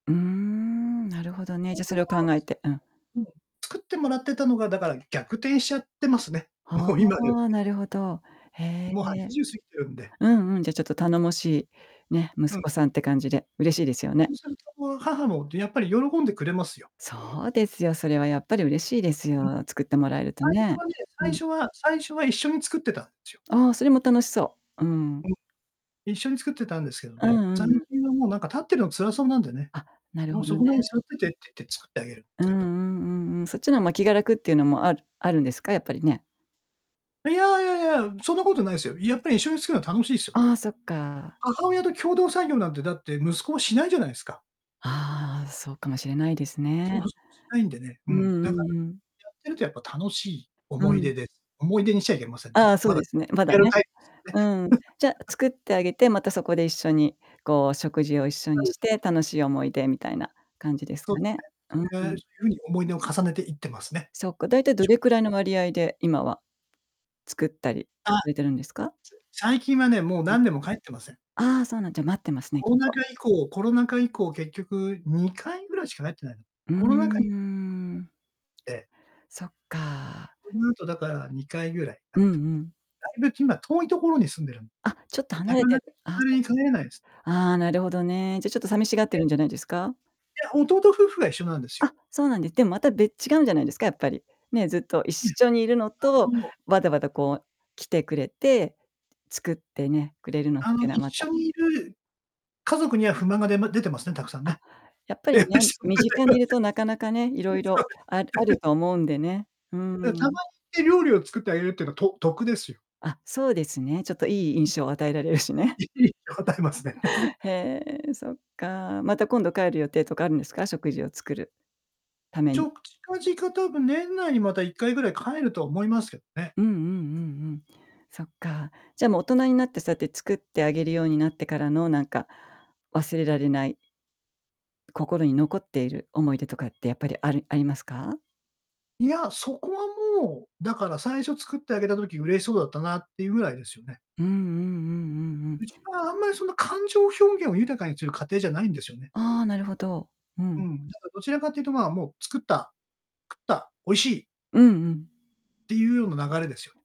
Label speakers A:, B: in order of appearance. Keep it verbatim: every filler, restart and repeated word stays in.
A: うーん、なるほどね。
B: そ
A: じゃ
B: す
A: そ
B: る
A: れを
B: と、
A: 考えてうん。
B: うん、作ってもらってたのが、だから逆転しちゃってますね、
A: は
B: もう今ではね
A: あ、なるほど。へ
B: もうは
A: え、
B: ちじゅう過ぎてるんで。
A: うんうん、じゃちょっと頼もしい、ね、息
B: うん。
A: 子さんって感じで嬉しいですよね。
B: そうすると、母もやっぱり喜んでくれますよ。
A: そうですよ。それはやっぱり嬉しいです
B: うん、
A: よ。作ってもらえると
B: 最初
A: ね。
B: はね
A: う
B: 最
A: ん。
B: 初は最初は一緒に作ってたんですよ。
A: ああ、それも楽しそう。うん。
B: うん。一緒に作ってたんですけど
A: うん
B: ね、
A: うん
B: 最
A: うん。
B: 近はもうなんか立ってるの辛そうなんでね。
A: あ、なる
B: もう
A: ほ
B: 「そ
A: ど
B: こ
A: ね。
B: に座ってて」って言って作ってあげるんで
A: う
B: す
A: んう
B: けど。
A: んうんうん。そっちの方が気が楽っていうのもあるあるんですか？やっぱりね。
B: いやいやいや、そんなことないですよ。やっぱり一緒に作るのは楽しいですよね。
A: ああ、そっか。
B: 母親と共同作業なんて、だって、息子もしないじゃないですか。
A: ああ、そうかもしれないです
B: そう
A: ね。
B: そうしないんでね、う
A: うん
B: ん。
A: う
B: だから
A: んうん。
B: やってるとやっぱ楽しい
A: う
B: 思い
A: ん。
B: 出です。思い出にしちゃいけませんね。
A: ああ、そう
B: まだ
A: ですね、まだ
B: やる
A: ね。
B: タイプですね
A: うん。じゃ 作ってあげて、またそこで一緒に、こう食事を一緒
B: な
A: に
B: の
A: して、
B: で
A: 楽しい思い出みたいな感じです
B: そう
A: か
B: です
A: ね。うんう
B: ね。
A: ん。
B: それが [unintelligible] に思い出を重ねていってますね。
A: そっか、大体どれくらいの
B: [unintelligible]
A: 割合で、今は作ったり
B: あ、さ
A: されてるんですか？
B: 最近はね、もう
A: うん、
B: 何年も帰ってません。
A: ああ、そうなんだ。じゃ待ってますね、
B: コ
A: きっ
B: ロナ
A: と。
B: 禍以降コロナ禍以降結局にかいぐらいしか帰ってない。
A: うー
B: コロナ禍に [unintelligible]
A: ん。
B: で。
A: そっか。
B: その後だからにかいぐらい帰
A: う
B: っ
A: ん
B: て
A: う
B: ます。
A: ん。
B: だいぶ今遠いところに住んでるん
A: あ、ちょっと離
B: な
A: れ
B: か
A: て
B: なか気
A: る。あ、
B: 軽
A: そ
B: に帰れないです。
A: ああ、なるほどね。じゃちょっと寂しがって
B: で
A: るんじゃないですか？
B: や、弟夫婦が一緒なんですよ。
A: あ、そうなんです。でもまた別違うんじゃないですか、やっぱり、ね、ずっと一
B: ええ、
A: 緒にいるの
B: あ
A: と、
B: の
A: わざわざこう、来てくれて、作ってね、くれるのっ
B: あ
A: て
B: の
A: いうのは
B: 一
A: また
B: 緒にいる家族には不満がでま出てますね、たくさん
A: あ、
B: ね。
A: やっ
B: [unintelligible]
A: ぱ
B: そ
A: り
B: うで
A: ね、
B: す
A: 身近にいるとなかなかね、いろいろああ
B: ね。
A: る と思うんでね。うー
B: うん、たま
A: ん。
B: に料理を作ってあげるっていうのはと得ですよ。
A: あ、そうですね、ちょっと良い
B: うん。
A: 印象を与えられるしね。
B: いい、答えますね。
A: へえ、そっか。また今度帰る予定とかあるんですか？食事を作るため
B: ちょ
A: に。
B: っ近々多分年内にまたいっかいぐらい帰ると思いますけどね。
A: うんうんうんうん。そっか。じゃもう大人になってそうやって作ってあげるようになってからのなんか、忘れられない心に残っている思い出とかってやっぱりあるありますか？
B: いや、そこはもう、だから最初作ってあげた時嬉しそうだったなっていうぐらいですよね。
A: うんうんうんうんうん。
B: うちはあんまりその感情表現を豊かにする家庭じゃないんですよね。
A: ああ、なるほど。う
B: う
A: ん。
B: ん。だからどちらかというと、ま、もう作った、食った、美味しい
A: うんうん。
B: っていうような流れですよね。